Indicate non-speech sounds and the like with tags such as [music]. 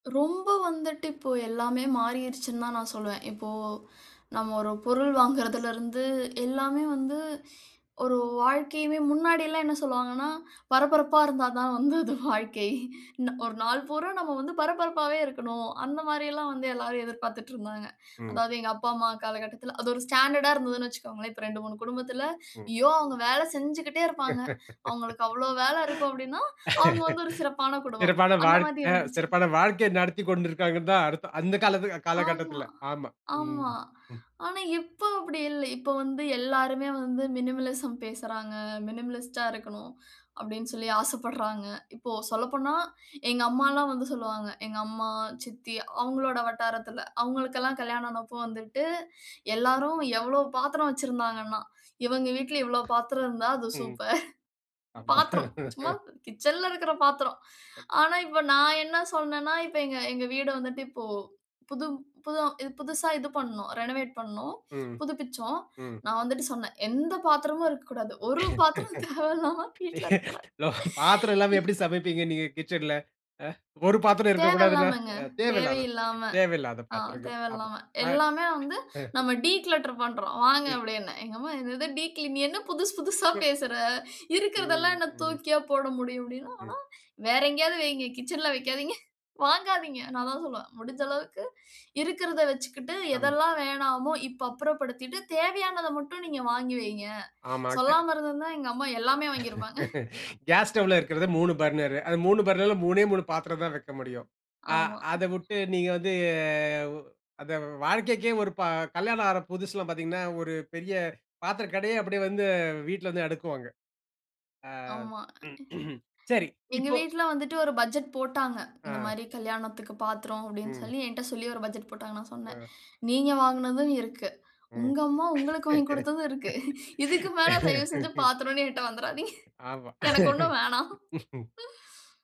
ரொம்ப வந்துட்டு இப்போ எல்லாமே மாறிருச்சுன்னு தான் நான் சொல்லுவேன். இப்போ நம்ம ஒரு பொருள் வாங்குறதுலருந்து எல்லாமே வந்து ஒரு வாழ்க்கையுமே முன்னாடில்லாம் என்ன சொல்லுவாங்கன்னா, "பரபரப்பா இருந்தா தான் வந்து அது வாழ்க்கை. ந ஒரு நாள் பூரா நம்ம வந்து பரபரப்பாவே இருக்கணும்." அந்த மாரில்லாம் வந்து எல்லாரும் எதிர்பார்த்துட்டிருந்தாங்க. ம். அதாவது எங்க அப்பா, அம்மா காலகட்டத்தில, அது ஒரு ஸ்டாண்டர்டா இருந்ததுன்னு வச்சுக்கோங்களேன். இப்ப 2 3 குடும்பத்தில, ம். "ஐயோ! அவங்க வேலை செஞ்சுகிட்டே இருப்பாங்க." அவங்களுக்கு அவ்வளோ வேலை இருக்கும், அப்படீன்னா, அவங்க வந்து [laughs] ஒரு சிறப்பான குடும்பம். சிறப்பான அந்த மாதிரி வாழ்க்கை. இருந்துச்சு. சிறப்பான வாழ்க்கையை நடத்திக்கொண்டு இருக்காங்கன்னுதான் அர்த்தம், அந்த காலத்து ஆமா, காலகட்டத்தில. ஆமா. ம், ஆமா. ம். ஆனா இப்ப அப்படி இல்ல. இப்ப வந்து எல்லாருமே வந்து மினிமலிசம் பேசுறாங்க. "மினிமலிஸ்ட்டா இருக்கணும்." அப்படீன்னு சொல்லி ஆசைப்படுறாங்க. இப்போ சொல்லப்போனா, எங்க அம்மால்லாம் வந்து சொல்லுவாங்க எங்க அம்மா, சித்தி அவங்களோட வட்டாரத்தில, அவங்களுக்கெல்லாம் கல்யாணம் ஆனப்ப வந்துட்டு, எல்லாரும் எவ்வளோ பாத்திரம் வச்சுருந்தாங்கன்னா, "இவங்க வீட்ல இவ்வளோ பாத்திரம் இருந்தா, அது ம். சூப்பர். ஆமா. பாத்திரம், சும்மா கிட்சன்ல இருக்கிற பாத்திரம். ஆனா இப்ப நான் என்ன சொன்னேன்னா இப்ப எங்க எங்க வீடு வந்துட்டு, இப்போ புது புது ம் புதுசா இது பண்ணோம். ரெனவேட் பண்ணோம். ம், புதுப்பிச்சோம். ம். நான் வந்துட்டு சொன்னேன், "எந்த பாத்திரமும் இருக்கக்கூடாது. ஒரு பாத்திரம் தேவையில்லாம வீட்ல இருக்கக்கூடாது." [laughs] பாத்திரம் இல்லாம எப்படி சமைப்பீங்க நீங்க கிட்சன்ல? ஆ. ஒரு பாத்திரம் இருக்கக்கூடாதுன்னா? தேவையில்லாமங்க. ஆ. தேவையில்லாத தேவையில்லாம. தேவையில்லாத ஆ. பாத்திரங்கள். ஆமா. தேவையில்லாம. அ "எல்லாமே வந்து அ. நம்ம டீக்ளேட்டர் பண்ணுறோம் வாங்க." [unintelligible] அப்படீன்னேன். எங்க அம்மா, "என்னது டீக்ளீன் நீ என்ன புதுசு புதுசா [unintelligible] பேசற. இருக்கிறதெல்லாம் ம். என்ன ம். தூக்கியா போட முடியும்?" ம். அப்படீன்னா. "வேற எங்கேயாவது வைங்க. கிட்சன்ல வைக்காதீங்க. வாங்காதீங்க". நான் அதான் சொல்லுவேன், "முடிஞ்ச அளவுக்கு இருக்கிறத வச்சுக்கிட்டு, ஆமா. எதெல்லாம் வேணாமோ, இப்ப அப்புறப்படுத்திட்டு தேவையானத மட்டும் நீங்க வாங்கி வைங்க." ஆமா. அது சொல்லாம இருந்திருந்தா, எங்க அம்மா எல்லாமே வாங்கியிருப்பாங்க. [laughs] கேஸ் ஸ்டவ்ல இருக்கிறது 3 பர்னர். அந்த 3 பர்னர்ல 3ஏ 3 பாத்திரம் தான் வைக்க முடியும். அ ஆமா. அத விட்டு நீங்க வந்து வ் அந்த வ் வாழ்க்கைக்கே ஒரு ப கல்யாணம் ஆற புதுசுலா பார்த்தீங்கன்னா, ஒரு பெரிய பாத்திர கடையே அப்படி வந்து வீட்ல வந்து அடுக்குவாங்க. ஆமா. அ [clears throat] சரி. எங்க இப்போ வீட்ல வந்துட்டு ஒரு பட்ஜெட் போட்டாங்க. இந்த ஆ. மாரி "கல்யாணத்துக்கு பாத்திரம்" அப்படீன்னு ம். சொல்லி என்ட்ட சொல்லி ஒரு பட்ஜெட் போட்டாங்க. நான் சொன்னேன், ஆ. "நீங்க வாங்கினதும் இருக்கு. ம். உங்க அம்மா உங்களுக்கு வாங்கி குடுத்ததும் இருக்கு. இதுக்கு மேல தயவு செய்து [laughs] பாத்திரம்ன்னு என்ட்ட வந்துராதீங்க. ஆமா. எனக்கு ஒண்ணும் வேணாம். [laughs]